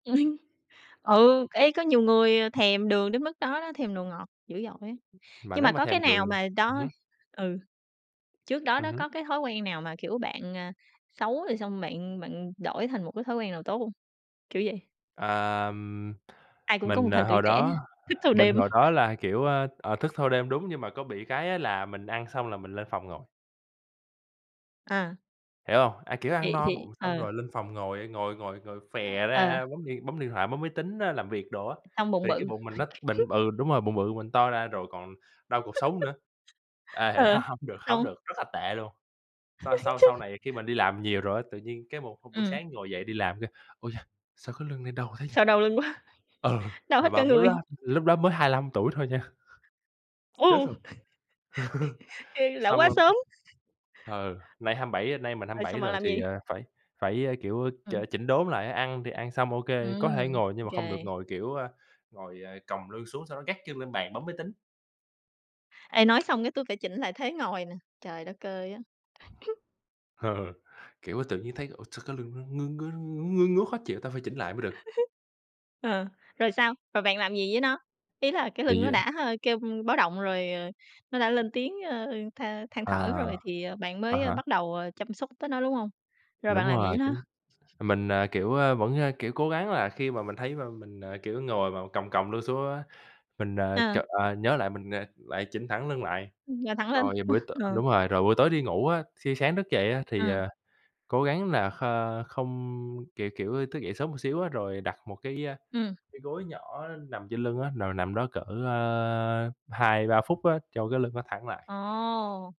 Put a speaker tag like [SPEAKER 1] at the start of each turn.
[SPEAKER 1] Ừ, ê, có nhiều người thèm đường đến mức đó đó, thèm đồ ngọt dữ dội á.
[SPEAKER 2] Mà
[SPEAKER 1] Nhưng mà
[SPEAKER 2] nếu mà
[SPEAKER 1] có
[SPEAKER 2] thèm
[SPEAKER 1] cái
[SPEAKER 2] đường
[SPEAKER 1] nào mà
[SPEAKER 2] ừm
[SPEAKER 1] đó
[SPEAKER 2] hứm.
[SPEAKER 1] ừ, trước đó
[SPEAKER 2] Ừm
[SPEAKER 1] đó
[SPEAKER 2] hứm.
[SPEAKER 1] có cái thói quen nào mà, kiểu, bạn, à, xấu rồi xong bạn bạn đổi thành một cái thói quen nào tốt hông? Kiểu vậy.
[SPEAKER 2] Ờm,
[SPEAKER 1] Ai cũng có một
[SPEAKER 2] mình, à,
[SPEAKER 1] thời tuổi
[SPEAKER 2] hồi
[SPEAKER 1] trẻ,
[SPEAKER 2] đó,
[SPEAKER 1] thức thâu
[SPEAKER 2] mình
[SPEAKER 1] đêm.
[SPEAKER 2] hồi đó là, kiểu, ơ, ờ, thức thâu đêm, đúng, nhưng mà có bị cái á là mình ăn xong là mình lên phòng ngồi.
[SPEAKER 1] À.
[SPEAKER 2] Hiểu hông? À, kiểu, ăn
[SPEAKER 1] Thì
[SPEAKER 2] no
[SPEAKER 1] thì
[SPEAKER 2] bụng xong
[SPEAKER 1] ờ.
[SPEAKER 2] rồi lên phòng ngồi, a, ngồi ngồi ngồi phè
[SPEAKER 1] A, ờ.
[SPEAKER 2] ra, bấm điện bấm điện thoại, bấm máy tính á, làm việc đồ á,
[SPEAKER 1] Xong bụng
[SPEAKER 2] thì cái
[SPEAKER 1] bự.
[SPEAKER 2] bụng mình nó bịnh b ừ, đúng rồi, bụng bự, mình to ra, rồi còn đau cột sống nữa. À,
[SPEAKER 1] Ờ,
[SPEAKER 2] h hổng được hổng
[SPEAKER 1] xong
[SPEAKER 2] được, rất là tệ luôn. Sau sau sau
[SPEAKER 1] Chung
[SPEAKER 2] này khi mình đi làm nhiều rồi á, tự nhiên cái một hôm buổi
[SPEAKER 1] Ừm.
[SPEAKER 2] sáng ngồi dậy đi làm kêu: "Ui cha, sao cái lưng nay đau thế nhỉ?"
[SPEAKER 1] Sao đau lưng quá,
[SPEAKER 2] Ừ,
[SPEAKER 1] đau
[SPEAKER 2] mà
[SPEAKER 1] hết cả
[SPEAKER 2] bạn biết lúc
[SPEAKER 1] người.
[SPEAKER 2] đó lúc đó mới 25 tuổi thôi nha. Chết
[SPEAKER 1] Ô!
[SPEAKER 2] rồi.
[SPEAKER 1] Ê, lão
[SPEAKER 2] Xong
[SPEAKER 1] hoá
[SPEAKER 2] rồi
[SPEAKER 1] sớm.
[SPEAKER 2] ừ, nay 27, nay mình hăm
[SPEAKER 1] Rồi,
[SPEAKER 2] bảy
[SPEAKER 1] xong bạn
[SPEAKER 2] rồi
[SPEAKER 1] làm
[SPEAKER 2] thì,
[SPEAKER 1] gì?
[SPEAKER 2] ờ, phải phải, a, kiểu, ch
[SPEAKER 1] Ừ.
[SPEAKER 2] chỉnh đốn lại á, ăn thì ăn xong, OK, có thể
[SPEAKER 1] Ừm,
[SPEAKER 2] ngồi, nhưng mà không được
[SPEAKER 1] OK.
[SPEAKER 2] ngồi, kiểu, ờ, ngồi, ờ, còng lương xuống sau đó gác chân lên bàn, bấm máy tính.
[SPEAKER 1] Ê, nói xong cái tui phải chỉnh lại thế ngồi nè, trời đất ơi á!
[SPEAKER 2] Ờ. Kiểu, tự nhiên thấy, ủa, sao cái lưng nó ngứa ngứa, n ngứa ngứa khó chịu? Ta phải chỉnh lại mới được.
[SPEAKER 1] Ờ, rồi sao? Rồi bạn làm gì với nó? Ý là cái lưng
[SPEAKER 2] Thì,
[SPEAKER 1] nó
[SPEAKER 2] à
[SPEAKER 1] đã, a, kêu báo động rồi, ờ, nó đã lên tiếng, ờ, than than
[SPEAKER 2] À,
[SPEAKER 1] thở rồi thì, ờ, bạn
[SPEAKER 2] à
[SPEAKER 1] mới, ơ,
[SPEAKER 2] há.
[SPEAKER 1] bắt đầu, ờ, chăm sóc tới nó, đúng hông? Rồi
[SPEAKER 2] Đúng
[SPEAKER 1] bạn làm gì với
[SPEAKER 2] rồi,
[SPEAKER 1] nó?
[SPEAKER 2] chính mình, à, kiểu, ờ, vẫn, a, kiểu, cố gắng là khi mà mình thấy mà mình, à, kiểu, ngồi mà còng còng lưng xuống á, mình, à,
[SPEAKER 1] Ờ.
[SPEAKER 2] chợt ờ, nhớ lại mình, à, lại chỉnh thẳng lưng lại.
[SPEAKER 1] Ừm, ngồi thẳng lên.
[SPEAKER 2] Rồi buổi t
[SPEAKER 1] Ờ.
[SPEAKER 2] đúng rồi. Rồi buổi tối đi ngủ á, thi sáng thức dậy á thì,
[SPEAKER 1] Ừm.
[SPEAKER 2] ờ, cố gắng là kh không, kiểu, kiểu, thức dậy sớm một xíu á rồi đặt một cái, a,
[SPEAKER 1] Ừm.
[SPEAKER 2] cái gối nhỏ nằm trên lưng á, rồi nằm đó cỡ, ờ, 2-3 phút á cho cái lưng nó thẳng lại.
[SPEAKER 1] Ồ!